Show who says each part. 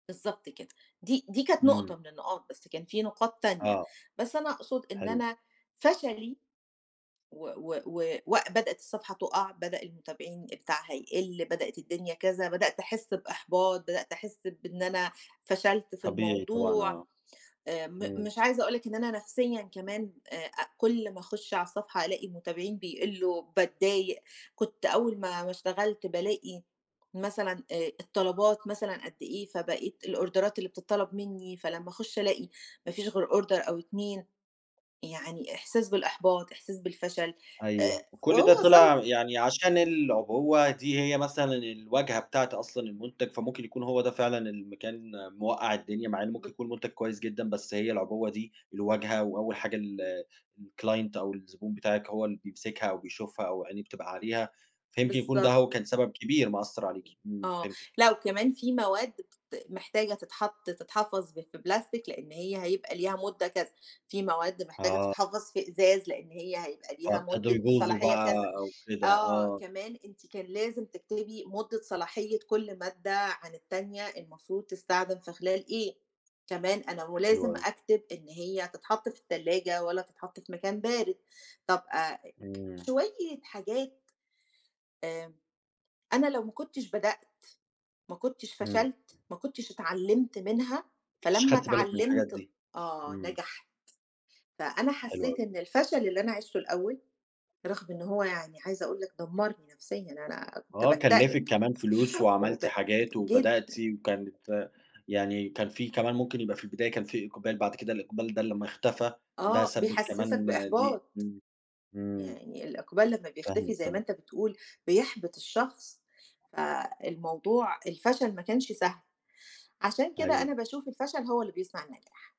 Speaker 1: بالضبط كده. دي دي كانت نقطة
Speaker 2: إمم.
Speaker 1: من النقاط بس كان في نقاط تانية،
Speaker 2: آه،
Speaker 1: بس أنا أقصد إن
Speaker 2: حلو.
Speaker 1: أنا فشلي، و و و وبدأت الصفحة تُقع، بدأ المتابعين بتاعها يقل، بدأت الدنيا كذا، بدأت أحس بإحباط، بدأت أحس بإن أنا فشلت في
Speaker 2: طبيعي طبعًا
Speaker 1: الموضوع،
Speaker 2: آه.
Speaker 1: آآ م
Speaker 2: إمم.
Speaker 1: مش عايزه أقول لِك إن أنا نفسيًا كمان آآ أ كُل ما أخش على الصفحة ألاقي متابعين بيقلوا باتضايق، كنت أول ما ما اشتغلت بالاقي مثلًا آآ الطلبات مثلًا قد إيه فبقيت الأوردرات اللي بتطلب منّي فلمّا أخش ألاقي ما فيش غير order أو 2، يعني إحساس بالإحباط، إحساس بالفشل آآ
Speaker 2: أيوه، وكل
Speaker 1: وأهو
Speaker 2: ده طلع
Speaker 1: وصلت
Speaker 2: يعني عشان العُبوة دي هي مثلًا الواجهة بتاعة أصلًا المُنتَج فممكن يكون هو ده فعلًا اللي م كان مُوَقَع الدنيا مع إن ممكن
Speaker 1: بال
Speaker 2: يكون مُنتَج كويس جدًا بس هي العُبوة دي الواجهة وأول حاجة ال الclient أو الزبون بتاعِك هو اللي بيمسكها أو بيشوفها أو عينيه بتبقى عليها فيمكن يكون ده هو
Speaker 1: بالضبط.
Speaker 2: كان سبب كبير مأثر عليكِ. إمم،
Speaker 1: آه،
Speaker 2: فهمتِك.
Speaker 1: لأ وكمان في مواد بت محتاجه تتحط تتحفظ ب في بلاستيك لأن هي هيبقى ليها مُدة كذا، في مواد محتاجه
Speaker 2: آه.
Speaker 1: تتحفظ في إزاز لأن هي هيبقى ليها
Speaker 2: فابتدوا
Speaker 1: مُدة
Speaker 2: يبوظوا
Speaker 1: صلاحية
Speaker 2: بقى
Speaker 1: كذا.
Speaker 2: أو كده،
Speaker 1: آه،
Speaker 2: آه.
Speaker 1: كمان أنتِ كان لازم تكتبي مُدة صلاحية كل مادة عن التانية المفروض تستخدم في خلال إيه، كمان أنا
Speaker 2: حلو
Speaker 1: ولازم
Speaker 2: أوي.
Speaker 1: أكتب إن هي تتحط في التلاجة والّا تتحط في مكان بارد. طب أ ك
Speaker 2: إمم.
Speaker 1: شوية حاجات، آآ أنا لو ما كنتش بدأت ما كنتش
Speaker 2: إمم.
Speaker 1: فشلت ما كنتش اتعلمت منها
Speaker 2: ش
Speaker 1: فلمّا
Speaker 2: خدتِ بالِك من الحاجات
Speaker 1: اتعلمت
Speaker 2: دي،
Speaker 1: آه
Speaker 2: إمم.
Speaker 1: نجحت. فأنا
Speaker 2: حلو
Speaker 1: حسيت
Speaker 2: أوي.
Speaker 1: إن الفشل اللي أنا عيشته الأول رغم إن هو يعني عايزه أقول لك دمرني نفسيًا أنا كنت
Speaker 2: آه كلّفِك
Speaker 1: باكتئب
Speaker 2: كمان فلوس
Speaker 1: وب
Speaker 2: وعملتِ حاجات
Speaker 1: جيت
Speaker 2: وبدأتِ وكانت يعني كان في كمان ممكن يبقى في البداية كان في إقبال بعد كده الإقبال ده لمّا اختفى ده
Speaker 1: آه،
Speaker 2: سبِب
Speaker 1: بيحسسك
Speaker 2: كمان دي
Speaker 1: بإحباط.
Speaker 2: إمم، إمم.
Speaker 1: يعني الإقبال لمّا بيختفي
Speaker 2: فاهمِك،
Speaker 1: زي ما
Speaker 2: تمام.
Speaker 1: أنت بتقول بيحبِط الشخص. فالموضوع الفشل ما كانش سهل، عشان كده
Speaker 2: أيوه.
Speaker 1: أنا باشوف الفشل هو اللي بيصنع النجاح.